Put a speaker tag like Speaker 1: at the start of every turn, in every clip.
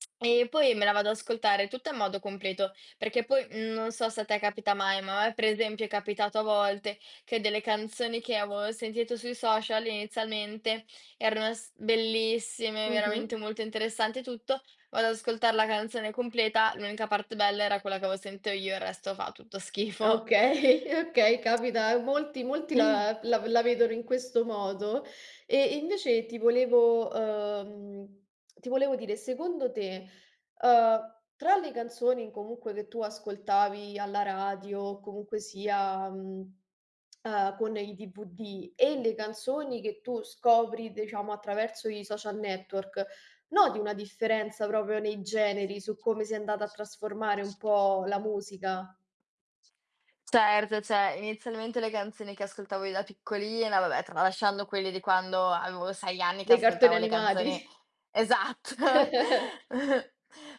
Speaker 1: E poi me la vado a ascoltare tutta in modo completo, perché po mhmm, non so se a te capita mai, ma a me per esempio è capitato a volte che delle canzoni che avevo sentito sui social inizialmente erano s bellissime, veramente
Speaker 2: Mh-mh.
Speaker 1: molto interessanti e tutto. Vado ad ascoltar la canzone completa. L'unica parte bella era quella che avevo sento io, il resto fa tutto schifo.
Speaker 2: Okay, okay, capita a molti. Molti la la la vedono in questo modo. E invece ti volevo, ehm, ti volevo dire, secondo te, ehm, tra le canzoni comunque che tu ascoltavi alla radio o comunque sia mhmm, a con il DVD e le canzoni che tu scopri, diciamo, attraverso i social network, noti una differenza proprio nei generi, su come si è andata a trasformare un po' la musica?
Speaker 1: Certo, cioè inizialmente le canzoni che ascoltavo io da piccolina, vabbè, tralasciando quelle di quando avevo 6 anni, che
Speaker 2: Dei cartoni
Speaker 1: ascoltavo le
Speaker 2: animati.
Speaker 1: canzoni esatto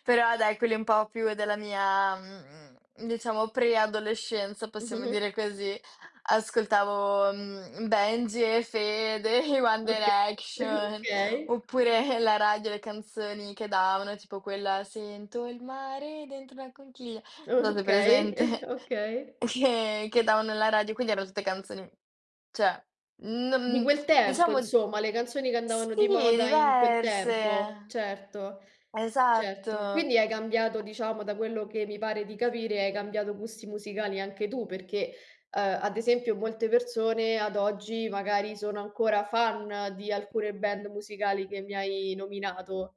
Speaker 1: Però dai, quelli un po' più della mia, mhmm, diciamo pre-adolescenza, possiamo
Speaker 2: Mh-mh-mh.
Speaker 1: dire così, ascoltavo, mhmm, Benji& Fede, i One
Speaker 2: Oka
Speaker 1: Direction
Speaker 2: Okay.
Speaker 1: oppure la radio, le canzoni che davano, tipo quella "sento il mare dentro la conchiglia", non so, hai
Speaker 2: Okay.
Speaker 1: presente.
Speaker 2: Okay.
Speaker 1: E che che davano alla radio, quindi erano tutte canzoni, cioè
Speaker 2: Di
Speaker 1: non
Speaker 2: quel tempo,
Speaker 1: diciamo
Speaker 2: insomma, le canzoni che
Speaker 1: sì,
Speaker 2: andavano di moda in quel tempo,
Speaker 1: diverse.
Speaker 2: certo, certo.
Speaker 1: Esatto.
Speaker 2: Quindi hai cambiato diciamo, da quello che mi pare di capire, hai cambiato gusti musicali anche tu, perché, ehm, ad esempio molte persone ad oggi magari sono ancora fan di alcune band musicali che mi hai nominato.